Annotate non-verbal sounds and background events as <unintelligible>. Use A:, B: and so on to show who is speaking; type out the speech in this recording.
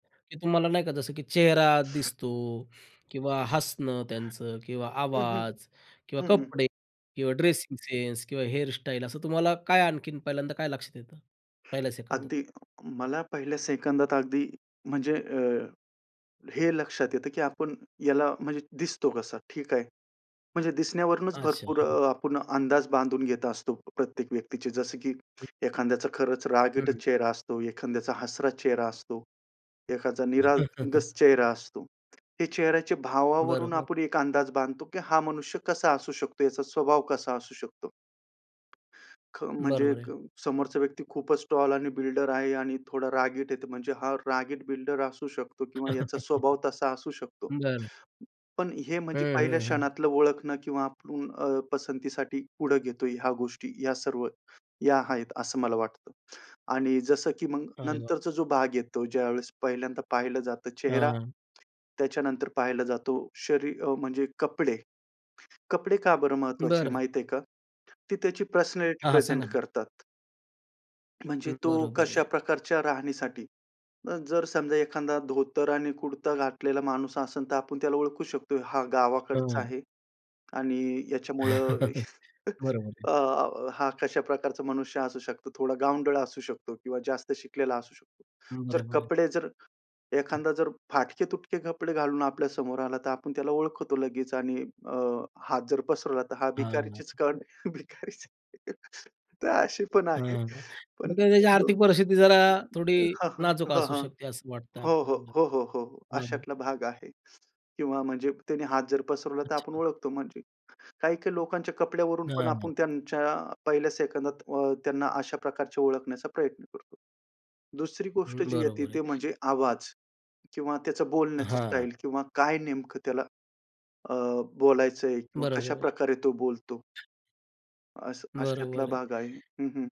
A: की तुम्हाला नाही का, जसं की चेहरा दिसतो किंवा हसणं, त्यांचं किंवा
B: हं, हं.
A: आवाज, किंवा
B: हं, हं.
A: कपडे, किंवा ड्रेसिंग सेन्स, किंवा हेअर स्टाईल. असं तुम्हाला काय आणखीन पहिल्यांदा काय लक्षात येतं पहिल्या सेकंदात?
B: अगदी मला पहिल्या सेकंदात अगदी म्हणजे अ, हे लक्षात येतं, की आपण याला म्हणजे दिसतो कसा? ठीक आहे. म्हणजे दिसण्यावरूनच
A: अच्छा.
B: भरपूर
A: हं.
B: अ, आपण अंदाज बांधून घेत असतो प्रत्येक व्यक्तीचे. जसं की
A: हं.
B: एखाद्याचा खरंच
A: हं.
B: रागीटच चेहरा असतो, एखाद्याचा हसराच चेहरा असतो, एकाचा निरागस
A: <chuckles>
B: चेहरा असतो. हे चेहऱ्याच्या भावावरून
A: बरोबर.
B: आपण एक अंदाज बांधतो, की हा मनुष्य कसा असू शकतो, याचा स्वभाव कसा असू शकतो. ख म्हणजे
A: बरोबर आहे.
B: क समोरचा व्यक्ती खूपच टॉल आणि बिल्डर आहे आणि थोडा रागीट आहे म्हणजे हा रागीट बिल्डर असू शकतो किंवा याचा स्वभाव तसा असू
A: <chuckles>
B: शकतो.
A: बरं.
B: पण हे
A: हं,
B: म्हणजे पहिल्या
A: हं, हं.
B: क्षणातलं ओळखणं किंवा ऊं, अ, पसंतीसाठी पुढं घेतोय, ह्या गोष्टी ह्या सर्व या आहेत, असं मला वाटतं. आणि जसं की मग
A: अरे वाह!
B: नंतरचा जो भाग येतो, ज्यावेळेस पहिल्यांदा पाहिलं जातं चेहरा.
A: हां.
B: त्याच्यानंतर पाहायला जातो शरी अ, म्हणजे कपडे. कपडे का बरं महत्त्वाचे आहे,
A: बरं.
B: माहिती आहे का, ती त्याची पर्सनॅलिटी
A: हां, हां. सांगा
B: प्रेझेंट
A: ना?
B: करतात. म्हणजे
A: हं,
B: तो
A: बरोबर आहे.
B: कशा प्रकारच्या राहणीसाठी. अ, जर समजा एखादा धोतर आणि कुर्ता घातलेला माणूस असेल, तर आपण त्याला ओळखू शकतो. हा गावाकडचा
A: हं.
B: आहे, आणि याच्यामुळं
A: <chuckles>
B: <chuckles>
A: बरोबर आहे.
B: अ, हा कशा प्रकारचा मनुष्य असू शकतो. थोडा गावंढळ असू शकतो, किंवा जास्त शिकलेला असू शकतो.
A: हं,
B: तर
A: बरोबर आहे.
B: कपडे जर एखादा जर फाटके-तुटके कपडे घालून आपल्या समोर आला, तर आपण त्याला ओळखतो लगेच. आणि अ, हात जर पसरवला, तर हा
A: हां.
B: भिकारीचेच, <unintelligible> भिकारीच आहे, तर अशी पण
A: हां,
B: आहे.
A: हां. तर
B: पण
A: त्याची
B: मग
A: आर्थिक परिस्थिती जरा थोडी
B: हां, हां,
A: नाजूक
B: हां,
A: असू
B: हां.
A: शकते असं वाटतंय
B: हो, हो,
A: आपल्याला.
B: हो, हो, हो, हो.
A: बरोबर आहे.
B: अशातला भाग आहे, किंवा म्हणजे त्याने हात जर पसरवला, तर आपण
A: अच्छा.
B: ओळखतो. म्हणजे काही-काही लोकांच्या कपड्यावरून पण
A: हां.
B: आपण त्यांच्या पहिल्या सेकंदात अ, त्यांना अशा प्रकारचे ओळखण्याचा प्रयत्न करतो. दुसरी गोष्ट
A: हं,
B: जी येते,
A: बरोबर आहे.
B: ते म्हणजे आवाज किंवा त्याचं बोलण्याची
A: हां.
B: स्टाईल. किंवा काय नेमकं त्याला अ, बोलायचंय किंवा
A: बरोबर आहे.
B: कशाप्रकारे तो बोलतो. असं, अशातला
A: बरोबर आहे.
B: भाग आहे. हं, हं.